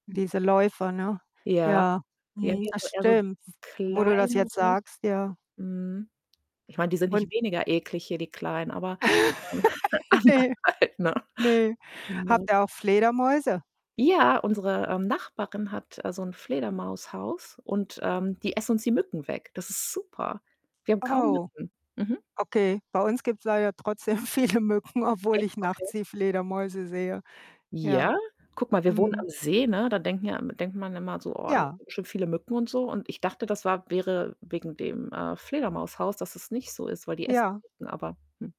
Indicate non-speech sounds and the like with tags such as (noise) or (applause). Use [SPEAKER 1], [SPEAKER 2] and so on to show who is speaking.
[SPEAKER 1] Diese Läufer, ne?
[SPEAKER 2] Ja,
[SPEAKER 1] Ja, mhm,
[SPEAKER 2] irgendwie
[SPEAKER 1] das
[SPEAKER 2] aber eher so
[SPEAKER 1] stimmt, w wo du das jetzt
[SPEAKER 2] kleinere.
[SPEAKER 1] sagst, ja.
[SPEAKER 2] Mhm. Ich meine, die sind
[SPEAKER 1] Und
[SPEAKER 2] nicht weniger eklig hier, die kleinen, aber, ähm,
[SPEAKER 1] (chuckles)
[SPEAKER 2] (chuckles) anders
[SPEAKER 1] Ne,
[SPEAKER 2] halt, ne?
[SPEAKER 1] ne.
[SPEAKER 2] Ne?
[SPEAKER 1] Habt ihr auch Fledermäuse?
[SPEAKER 2] Ja, unsere, ähm, Nachbarin hat, also, 'n Fledermaushaus und, ähm, die essen uns die Mücken weg. Das ist super. Wir haben kaum
[SPEAKER 1] Oh,
[SPEAKER 2] Mücken. Mhm.
[SPEAKER 1] okay. Bei uns gibt's leider trotzdem viele Mücken, obwohl
[SPEAKER 2] Echt?
[SPEAKER 1] ich
[SPEAKER 2] Okay.
[SPEAKER 1] nachts die Fledermäuse sehe. Ja,
[SPEAKER 2] Ja? Guck mal, wir wohnen
[SPEAKER 1] mhm.
[SPEAKER 2] am See, ne, da denken ja immer denkt man immer so, oh, da haben
[SPEAKER 1] Ja.
[SPEAKER 2] wir bestimmt viele Mücken und so und ich dachte, das war wäre wegen dem, äh, Fledermaushaus, dass es nicht so ist, weil die essen die
[SPEAKER 1] Ja.
[SPEAKER 2] Mücken, aber hm.